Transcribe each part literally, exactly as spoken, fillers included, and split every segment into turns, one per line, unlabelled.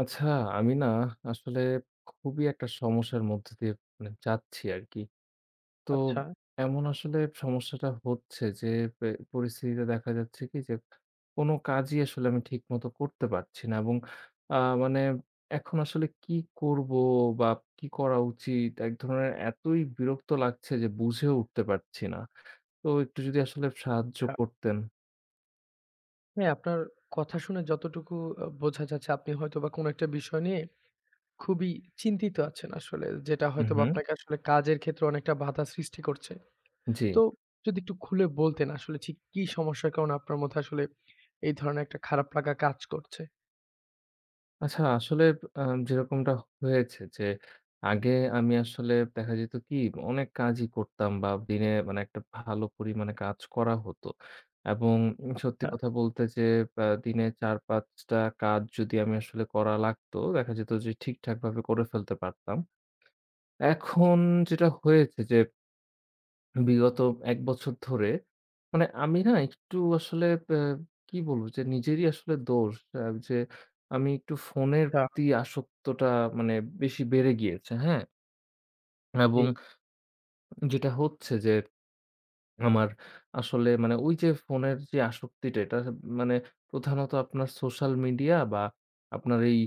আচ্ছা, আমি না আসলে খুবই একটা সমস্যার মধ্যে দিয়ে মানে যাচ্ছি আরকি। তো
আচ্ছা।
এমন আসলে সমস্যাটা হচ্ছে যে পে পরিস্থিতিটা দেখা যাচ্ছে কি যে কোনো কাজই আসলে আমি ঠিকমত করতে পারছি না এবং আ মানে এখন আসলে কি করব বা কি করা উচিত? এক ধরনের এতই বিরক্ত লাগছে যে বুঝেও উঠতে পারছি না। তো একটু যদি আসলে সাহায্য
ছা।
করতেন?
হ্যাঁ, আপনার কথা শুনে যতটুকু অ বোঝা যাচ্ছে আপনি হয়তোবা কোনো একটা বিষয় নিয়ে খুবই চিন্তিত আছেন আসলে। যেটা
উ
হয়তোবা
হু।
আপনাকে আসলে কাজের ক্ষেত্রে অনেকটা বাঁধা সৃষ্টি করছে। তো
জি।
যদি একটু খুলে বলতেন আসলে ঠিক কি সমস্যার কারণে আপনার মধ্যে আসলে এই ধরনের একটা খারাপ লাগা কাজ করছে?
আচ্ছা আসলে অ্যা যেরকমটা হয়েছে যে আগে আমি আসলে দেখা যেত কি? অনেক কাজই করতাম বা দিনে মানে একটা ভালো পরিমাণে কাজ করা হতো। এবং সত্যি
হ্যাঁ।
কথা বলতে যে অ্যা দিনে চার-পাঁচটা কাজ যদি আমি আসলে করা লাগতো, দেখা যেত যে ঠিকঠাকভাবে করে ফেলতে পারতাম। এখন যেটা হয়েছে যে বিগত এক বছর ধরে মানে আমি না একটু আসলে অ্যা কি বলব? যে নিজেরই আসলে দোষ। অ্যা যে আমি একটু ফোনের
তা
প্রতি আসক্তটা মানে বেশি বেড়ে গিয়েছে, হ্যাঁ? এবং
জি।
যেটা হচ্ছে যে আমার আসলে মানে ওই যে ফোনের যে আসক্তিটা এটা মানে প্রধানত আপনার সোশ্যাল মিডিয়া বা আপনার এই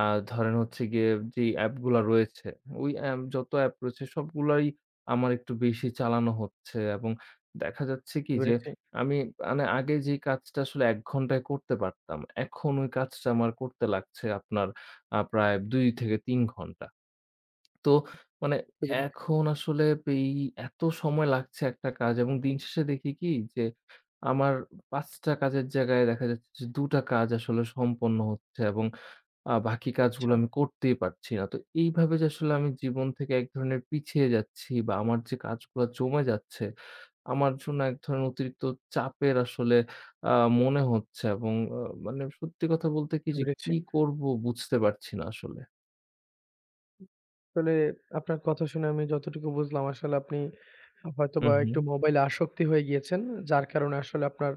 আ ধরেন হচ্ছে গিয়ে যেই অ্যাপগুলা রয়েছে ওই এম যত অ্যাপ রয়েছে সবগুলোই আমার একটু বেশি চালানো হচ্ছে এবং দেখা যাচ্ছে কি যে
ধরেছি।
আমি মানে আগে যে কাজটা আসলে এক ঘন্টায় করতে পারতাম, এখন ওই কাজটা আমার করতে লাগছে আপনার আ প্রায় দুই-তিন ঘণ্টা। তো মানে
[unintelligible]
এখন আসলে পেই এত সময় লাগছে একটা কাজ এবং দিন শেষে দেখি কি যে আমার পাঁচ টা কাজের জায়গায় দেখা যাচ্ছে যে দু টা কাজ আসলে সম্পন্ন হচ্ছে এবং আ বাকি কাজগুলো
আচ্ছা।
আমি করতেই পারছি না। তো এইভাবে যে আসলে আমি জীবন থেকে এক ধরনের পিছিয়ে যাচ্ছি বা আমার যে কাজগুলা জমে যাচ্ছে আমার জন্য এক ধরনের অতিরিক্ত চাপের আসলে আ মনে হচ্ছে এবং অ মানে সত্যি কথা বলতে কি যে
উড়েছি।
কি করব বুঝতে পারছি না আসলে।
আসলে আপনার কথা শুনে আমি যতটুকু বুঝলাম আসলে আপনি
উ
হয়তোবা
হুম।
একটু মোবাইলে আসক্তি হয়ে গিয়েছেন। যার কারণে আসলে আপনার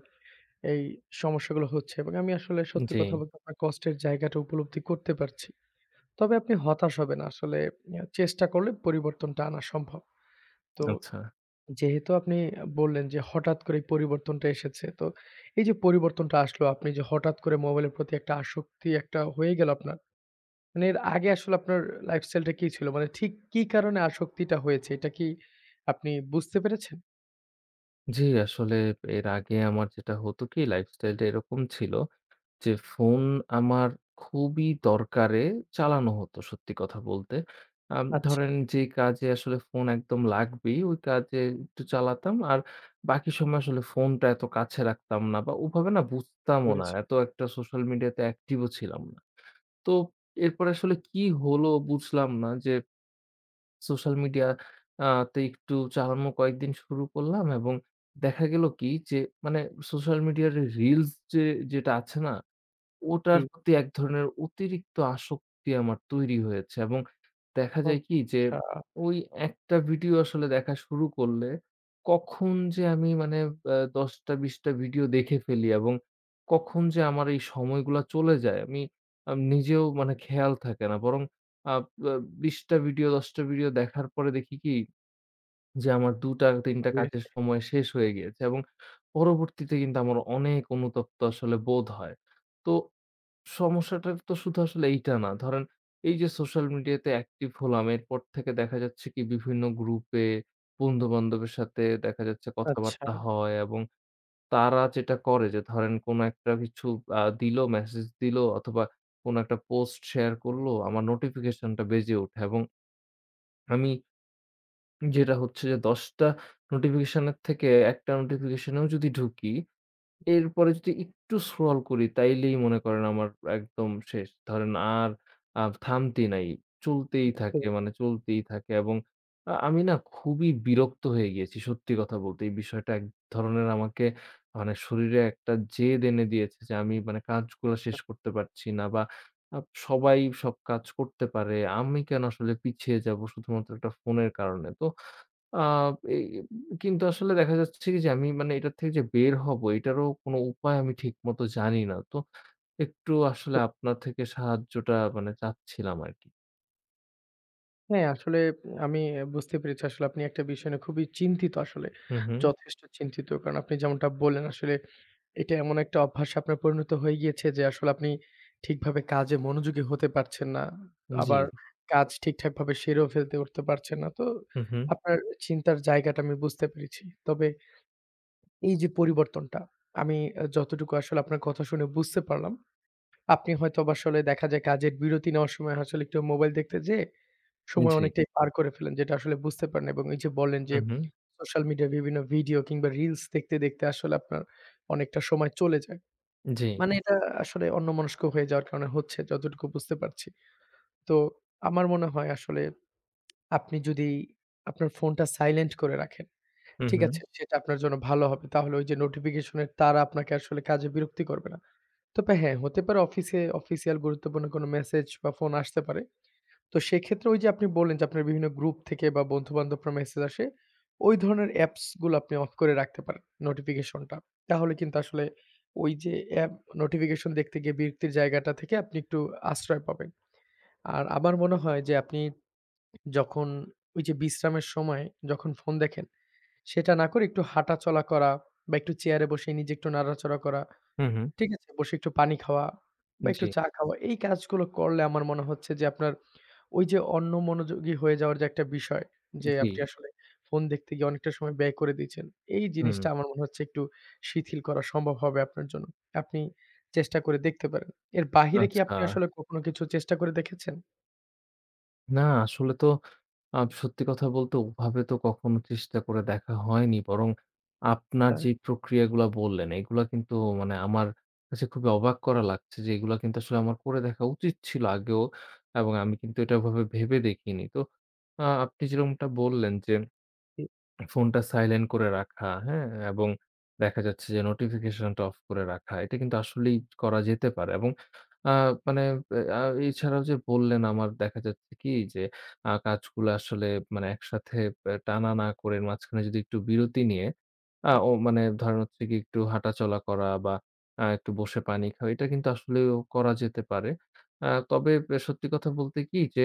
এই সমস্যাগুলো হচ্ছে। এবং আমি আসলে সত্যি কথা
জি।
বলতে আপনার কষ্টের জায়গাটা উপলব্ধি করতে পারছি। তবে আপনি হতাশ হবে না। আসলে ইয়া চেষ্টা করলে পরিবর্তনটা আনা সম্ভব। তো
আচ্ছা।
যেহেতু আপনি আ বললেন যে হঠাৎ করে এই পরিবর্তনটা এসেছে। তো এই যে পরিবর্তনটা আসলো আপনি যে হঠাৎ করে মোবাইলের প্রতি একটা আসক্তি একটা হয়ে গেল আপনার। মানে এর আগে আসলে আপনার লাইফস্টাইলটা কি ছিল? মানে ঠিক কি কারণে আসক্তিটা হয়েছে এটা কি আপনি বুঝতে পেরেছেন?
জী, আসলে এর আগে আমার যেটা হতো কি? লাইফস্টাইল টা এরকম ছিল যে ফোন আমার খুবই দরকারে চালানো হত সত্যি কথা বলতে। আম
আচ্ছা।
ধরেন যেই কাজে আসলে ফোন একদম লাগবেই, ওই কাজে একটু চালাতাম। আর বাকি সময় আসলে ফোনটা এত কাছে রাখতাম না বা ওভাবে না বুঝতামও না।
বুরেছি।
এত একটা সোশ্যাল মিডিয়া তে অ্যাকটিভ ও ছিলাম না। তো এরপরে আসলে কি হলো বুঝলাম না। যে সোশ্যাল মিডিয়া আ তে একটু চালানো কয়েকদিন শুরু করলাম এবং দেখা গেল কি যে মানে সোশ্যাল মিডিয়ার এ রিলস যে যেটা আছে না।
উ
ওটার
জি।
প্রতি এক ধরনের অতিরিক্ত আসক্তি আমার তৈরি হয়েছে এবং দেখা
উম
যায় কি যে
ছা।
ওই একটা ভিডিও আসলে দেখা শুরু করলে কখন যে আমি মানে অ্যা দশটা, বিশটা ভিডিও দেখে ফেলি এবং কখন যে আমার এই সময়গুলা চলে যায়, আমি আম নিজেও মানে খেয়াল থাকে না। বরং আ অ্যা বিশটা ভিডিও দশটা ভিডিও দেখার পরে দেখি কি? যে আমার দুটা, তিনটা
বুঝেছি।
কাজের সময় শেষ হয়ে গিয়েছে এবং পরবর্তীতে কিন্তু আমার অনেক অনুতপ্ত আসলে বোধ হয়। তো সমস্যাটা তো শুধু আসলে এইটা না। ধরেন এই যে সোশ্যাল মিডিয়া তে অ্যাকটিভ হলাম, এরপর থেকে দেখা যাচ্ছে কি বিভিন্ন গ্রুপে, বন্ধু-বান্ধবের সাথে দেখা যাচ্ছে
আচ্ছা।
কথাবার্তা হয়। এবং তারা যেটা করে যে ধরেন কোনো একটা কিছু আ দিল মেসেজ দিল অথবা কোনো একটা পোস্ট শেয়ার করলো, আমার নোটিফিকেশন টা বেজে উঠে। এবং আমি যেটা হচ্ছে যে দশটা নোটিফিকেশনের থেকে একটা নোটিফিকেশনিউ যদি ঢুকি। এরপরে যদি একটু scroll করি তাইলেই মনে করেন আমার একদম শেষ। ধরেন আর আ থামতি নাই।
উ
চলতেই
হু।
থাকে, মানে চলতেই থাকে। এবং আ আমি না খুবই বিরক্ত হয়ে গিয়েছি সত্যি কথা বলতে। এই বিষয়টা এক ধরনের মানে শরীরে একটা জেদ এনে দিয়েছে যে আমি মানে কাজগুলা শেষ করতে পারছি না। বা আ সবাই সব কাজ করতে পারে। আমি কেন আসলে পিছিয়ে যাব শুধুমাত্র একটা ফোনের কারণে? তো আ এ এ কিন্তু আসলে দেখা যাচ্ছে কি যে আমি মানে এটার থেকে যে বের হব এইটারও কোনো উপায় আমি ঠিকমত জানি না। তো একটু আসলে আপনার থেকে সাহায্যটা মানে চাচ্ছিলাম আরকি।
হ্যাঁ, আসলে আমি অ্যা বুঝতে পেরেছি আসলে আপনি একটা বিষয় নিয়ে খুবই চিন্তিত আসলে,
হুম, হুম।
যথেষ্ট চিন্তিত। কারণ আপনি যেমনটা বললেন আসলে এইটা এমন একটা অভ্যাস আপনার পরিণত হয়ে গিয়েছে যে, আসলে আপনি ঠিকভাবে কাজে মনোযোগী হতে পারছেন না।
উম জ্বী।
আবার কাজ ঠিকঠাকভাবে সেরেও ফেলতে উঠতে পারছেন না। তো
হুম, হুম।
আপনার চিন্তার জায়গাটা আমি বুঝতে পেরেছি। তবে এই যে, পরিবর্তনটা, আমি অ্যা যতটুকু আসলে আপনার কথা শুনে বুঝতে পারলাম। আপনি হয়তোবা আসলে দেখা যায় কাজের বিরতি নেওয়ার সময় আসলে একটু মোবাইল দেখতে যেয়ে
উম
সময়
জ্বী।
অনেকটাই পার করে ফেলেন যেটা আসলে বুঝতে পারেন। এবং এই যে, লবলেন যে,
হুম, হুম।
সোশ্যাল মিডিয়া বিভিন্ন ভিডিও কিংবা রিলস দেখতে, দেখতে আসলে আপনার অনেকটা সময় চলে যায়।
জ্বী।
মানে এটা আসলে অন্যমনস্ক হয়ে যাওয়ার কারণে হচ্ছে যতটুকু বুঝতে পারছি। তো আমার মনে হয় আসলে আপনি যদি আপনার ফোনটা সাইলেন্ট করে রাখেন,
হুম,
ঠিক আছে?
হুম।
সেটা আপনার জন্য ভালো হবে। তাহলে ওই যে, নোটিফিকেশনে তারা আপনাকে আসলে কাজে বিরক্তি করবে না। তবে হ্যাঁ, হতে পারে অফিসে অফিসিয়াল গুরুত্বপূর্ণ কোনো মেসেজ বা ফোন আসতে পারে। তো সেক্ষেত্রে ওই যে, আপনি বললেন যে, আপনার বিভিন্ন গ্রুপ থেকে বা বন্ধুবান্ধবরা মেসেজ আসে, ওই ধরনের অ্যাপস গুলো আপনি অফ করে রাখতে পারেন, নোটিফিকেশন টা। তাহলে কিন্তু আসলে ওই যে, অ্যাপ নোটিফিকেশন দেখতে গিয়ে বিরক্তির জায়গাটা থেকে আপনি একটু আশ্রয় পাবেন। আর আমার মনে হয় যে, আপনি যখন ওই যে, বিশ্রামের সময় যখন ফোন দেখেন, সেটা না করে একটু হাঁটাচলা করা বা একটু চেয়ারে বসে নিজে একটু নাড়াচড়া করা,
হুম, হুম।
ঠিক আছে? বসে একটু পানি খাওয়া বা একটু
জ্বী।
চা খাওয়া। এই কাজগুলা করলে আমার মনে হচ্ছে যে, আপনার ওই যে, অন্য মনোযোগী হয়ে যাওয়ার যে, একটা বিষয়। যে,- আপনি
জ্বী।
আসলে ফোন দেখতে গিয়ে অনেকটা সময় ব্যয় করে দিচ্ছেন। এই
হু,
জিনিসটা
হুম।
আমার মনে হচ্ছে একটু শিথিল করা সম্ভব হবে আপনার জন্য। আপনি চেষ্টা করে দেখতে পারেন। এর বাহিরে কি
আচ্ছা।
আপনি আসলে কখনো কিছু চেষ্টা করে দেখেছেন?
না, আসলে তো আ সত্যি কথা বলতে ওভাবে তো কখনো চেষ্টা করে দেখা হয়নি। বরং আপনার
হ্যাঁ।
যে প্রক্রিয়াগুলা বললেন এগুলা কিন্তু মানে আমার কাছে খুবই অবাক করা লাগছে যে এগুলা কিন্তু আসলে আমার করে দেখা উচিত ছিল আগেও। এবং আমি কিন্তু এটা ওভাবে ভেবে দেখিনি। তো আ আপনি যেরকমটা বললেন যে
[unintelligible]
ফোনটা সাইলেন্ট করে রাখা হ্যাঁ? এবং দেখা যাচ্ছে যে নোটিফিকেশন টা অফ করে রাখা। এটা কিন্তু আসলেই করা যেতে পারে। এবং আ মানে আ এছাড়াও যে বললেন আমার দেখা যাচ্ছে কি যে আ কাজগুলা আসলে মানে একসাথে আ টানা না করে মাঝখানে যদি একটু বিরতি নিয়ে আ ও মানে ধরেন হচ্ছে কি একটু হাঁটাচলা করা বা আ একটু বসে পানি খাওয়া এটা কিন্তু আসলেও করা যেতে পারে। আ তবে সত্যি কথা বলতে কি যে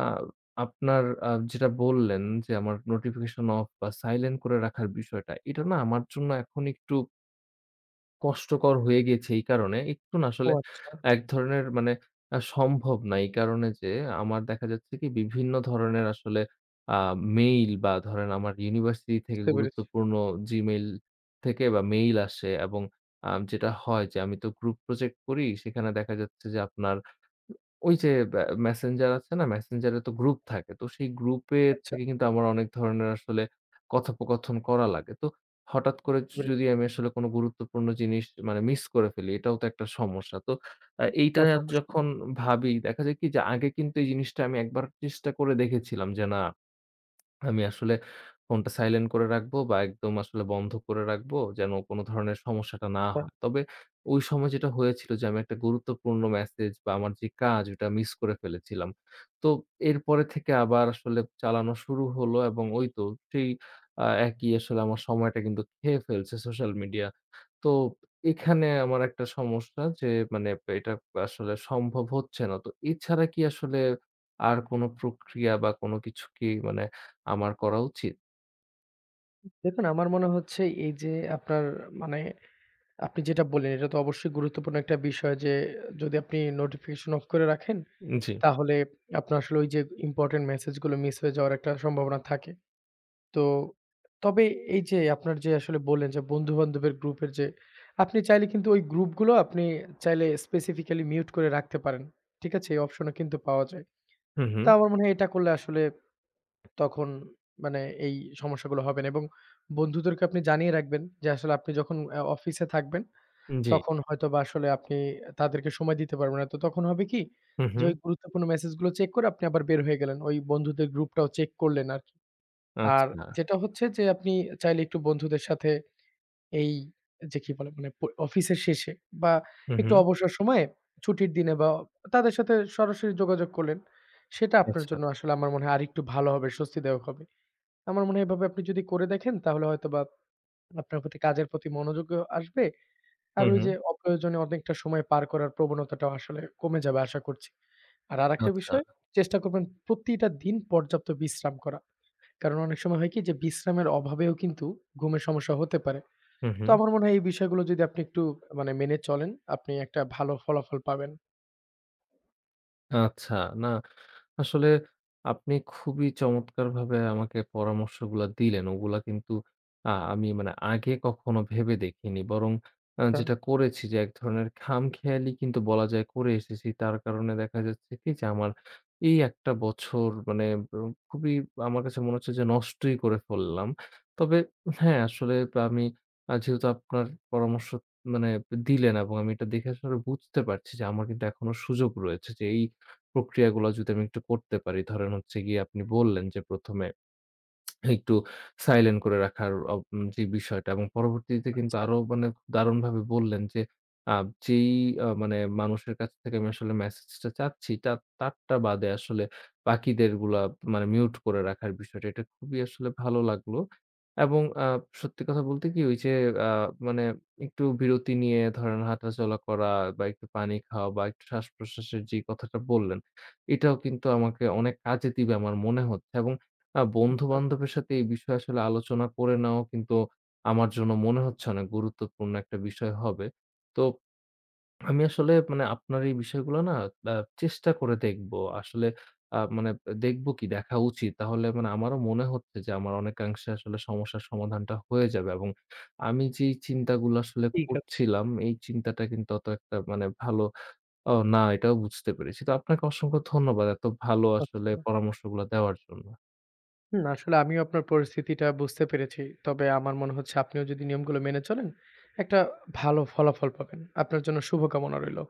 আ আপনার আ যেটা বললেন যে আমার নোটিফিকেশন অফ বা সাইলেন্ট করে রাখার বিষয়টা এটা না আমার জন্য এখন একটু কষ্টকর হয়ে গেছে এই কারণে একটু না
ও
আসলে
আচ্ছা।
এক ধরনের মানে আ সম্ভব না। এই কারণে যে আমার দেখা যাচ্ছে কি বিভিন্ন ধরনের আসলে আ মেইল বা ধরেন আমার ইউনিভার্সিটি থেকে
বুঝতে পেরেছি।
গুরুত্বপূর্ণ জিমেইল থেকে বা মেইল আসে এবং আ যেটা হয় যে আমি তো গ্রুপ প্রজেক্ট করি সেখানে দেখা যাচ্ছে যে আপনার উ ওই যে আ মেসেঞ্জার আছে না? মেসেঞ্জার এ তো গ্রুপ থাকে। তো সেই গ্রুপ এর
আচ্ছা।
থেকে কিন্তু আমার অনেক ধরনের আসলে কথোপকথন করা লাগে। তো হঠাৎ করে
বুঝতে
য
পেরেছি।
যদি আমি আসলে কোন গুরুত্বপূর্ণ জিনিস মানে মিস করে ফেলি এটাও তো একটা সমস্যা। তো আ এইটা
তা তো অবশ্যই।
যখন ভাবি দেখা যাক কি যে আগে কিন্তু এই জিনিসটা আমি একবার চেষ্টা করে দেখেছিলাম। যে না আমি আসলে ফোনটা সাইলেন্ট করে রাখবো বা একদম আসলে বন্ধ করে রাখবো যেন কোন ধরনের সমস্যাটা না
হ্যাঁ।
হয়। তবে ওই সময় যেটা হয়েছিল যে, আমি একটা গুরুত্বপূর্ণ মেসেজ বা আমার যে কাজ এটা মিস করে ফেলেছিলাম। তো এরপরে থেকে আবার আসলে চালানো শুরু হল এবং ওই তো সেই আ একই আসলে আমার সময়টা কিন্তু খেয়ে ফেলছে সোশ্যাল মিডিয়া। তো এখানে আমার একটা সমস্যা যে মানে এটা আসলে সম্ভব হচ্ছে না। তো এছাড়া কি আসলে আর কোন প্রক্রিয়া বা কোন কিছু কি মানে আমার করা উচিত?
দেখুন, আমার মনে হচ্ছে এই যে, আপনার মানে আপনি যেটা বললেন এটা তো অবশ্যই গুরুত্বপূর্ণ একটা বিষয় যে, যদি আপনি নোটিফিকেশন অফ করে রাখেন,
জি।
তাহলে আপনার আসলে ঐ যে, ইম্পোর্টেন্ট মেসেজ গুলো মিস হয়ে যাওয়ার একটা সম্ভাবনা থাকে। তো তবে এই যে, আপনারা যে, আসলে বললেন যে, বন্ধু বান্ধবের গ্রুপের যে আপনি চাইলে কিন্তু ওই গ্রুপ গুলো আপনি চাইলে স্পেসিফিকালি মিউট করে রাখতে পারেন। ঠিক আছে? এই অপশন ও কিন্তু পাওয়া যায়।
হুম, হুম।
তা আমার মনে হয় এটা করলে আসলে তখন মানে এই সমস্যাগুলো হবে না। এবং বন্ধুদেরকে আপনি জানিয়ে রাখবেন যে, আসলে আপনি যখন আ অফিসে থাকবেন,
জি।
তখন হয়তোবা আসলে আপনি তাদেরকে সময় দিতে পারবেন না। তো তখন হবে কি
হুম,
যে,
হুম।
ওই গুরুত্বপূর্ণ মেসেজ গুলো চেক করে আপনি আবার বের হয়ে গেলেন। ঐ বন্ধুদের গ্রুপটাও চেক করলেন আরকি। আর
আচ্ছা।
যেটা হচ্ছে যে, আপনি চাইলে একটু বন্ধুদের সাথে এই যে, কি বলে মানে অফিসের শেষে বা
হুম,
একটু
হুম।
অবসর সময়ে ছুটির দিনে বা তাদের সাথে সরাসরি যোগাযোগ করলেন। সেটা আপনার
আচ্ছা।
জন্য আসলে আমার মনে হয় আরেকটু ভালো হবে, স্বস্তিদায়ক হবে। আমার মনে হয় এভাবে আপনি যদি করে দেখেন তাহলে হয়তোবা আপনার প্রতি কাজের প্রতি মনোযোগও আসবে। আর
হুম,
ওই
হুম।
যে, অপ্রয়োজনীয় অনেকটা সময় পার করার প্রবণতাটাও আসলে কমে যাবে আশা করছি। আর আরেকটা
আচ্ছা।
বিষয় চেষ্টা করবেন প্রতিটা দিন পর্যাপ্ত বিশ্রাম করা। কারণ অনেক সময় হয় কি যে, বিশ্রামের অভাবেও কিন্তু ঘুমের সমস্যা হতে পারে।
হুম,
তো
হুম।
আমার মনে হয় এই বিষয়গুলো যদি আপনি একটু আ মেনে চলেন আপনি একটা ভালো ফলাফল পাবেন।
আচ্ছা, না আসলে আপনি খুবই চমৎকারভাবে আমাকে পরামর্শগুলা দিলেন। ওগুলা কিন্তু আ আমি মানে আগে কখনো ভেবে দেখিনি। বরং আ
হ্যাঁ।
যেটা করেছি যে, এক ধরনের খামখেয়ালি কিন্তু বলা যায় করে এসেছি, তার কারণে দেখা যাচ্ছে কি যে, আমার এই একটা বছর মানে খুবই আমার কাছে মনে হচ্ছে যে, নষ্টই করে ফেললাম। তবে হ্যাঁ, আসলে আমি যেহেতু আপনার পরামর্শ মানে দিলেন এবং আমি এটা দেখে আসলে বুঝতে পারছি যে, আমার কিন্তু এখনো সুযোগ রয়েছে যে, এই প্রক্রিয়াগুলো যদি আমি একটু করতে পারি ধরেন হচ্ছে গিয়ে আপনি বললেন যে, প্রথমে একটু সাইলেন্ট করে রাখার ওব যে, বিষয়টা এবং পরবর্তীতে কিন্তু
আচ্ছা।
আরো মানে দারুণভাবে বললেন যে, আ যেই অ মানে মানুষের কাছ থেকে আমি আসলে মেসেজটা চাচ্ছি তার তারটা বাদে আসলে বাকিদেরগুলা মানে মিউট করে রাখার বিষয়টা, এটা খুবই আসলে ভালো লাগলো এবং আ সত্যি কথা বলতে কি ওই যে, আ মানে একটু বিরতি নিয়ে ধরেন হাঁটাচলা করা বা একটু পানি খাওয়া বা একটু শ্বাসপ্রশ্বাসের যেই কথাটা বললেন এটাও কিন্তু আমাকে অনেক কাজে দিবে আমার মনে হচ্ছে এবং আ বন্ধু
আচ্ছা।
বান্ধবের সাথে এই বিষয়ে আসলে আলোচনা করে নেওয়াও কিন্তু আমার জন্য মনে হচ্ছে অনেক গুরুত্বপূর্ণ একটা বিষয় হবে। তো আমি আসলে মানে আপনার এই বিষয়গুলো না আ চেষ্টা করে দেখব। আসলে আ মানে দেখব কি দেখা উচিত। তাহলে মানে আমারও মনে হচ্ছে যে, আমার অনেকাংশে আসলে সমস্যার সমাধানটা হয়ে যাবে এবং আমি যেই চিন্তাগুলো আসলে
ঠিক আছে।
করছিলাম এই চিন্তাটা কিন্তু অত একটা মানে ভালো ও না এটাও বুঝতে পেরেছি। তো আপনাকে অসংখ্য ধন্যবাদ। এত ভালো আসলে
আচ্ছা।
পরামর্শগুলো দেওয়ার জন্য।
হুম, আসলে আমিও আপনার পরিস্থিতিটা বুঝতে পেরেছি। তবে আমার মনে হচ্ছে আপনিও যদি নিয়মগুলো মেনে চলেন একটা ভালো ফলাফল পাবেন। আপনার জন্য শুভকামনা রইলো।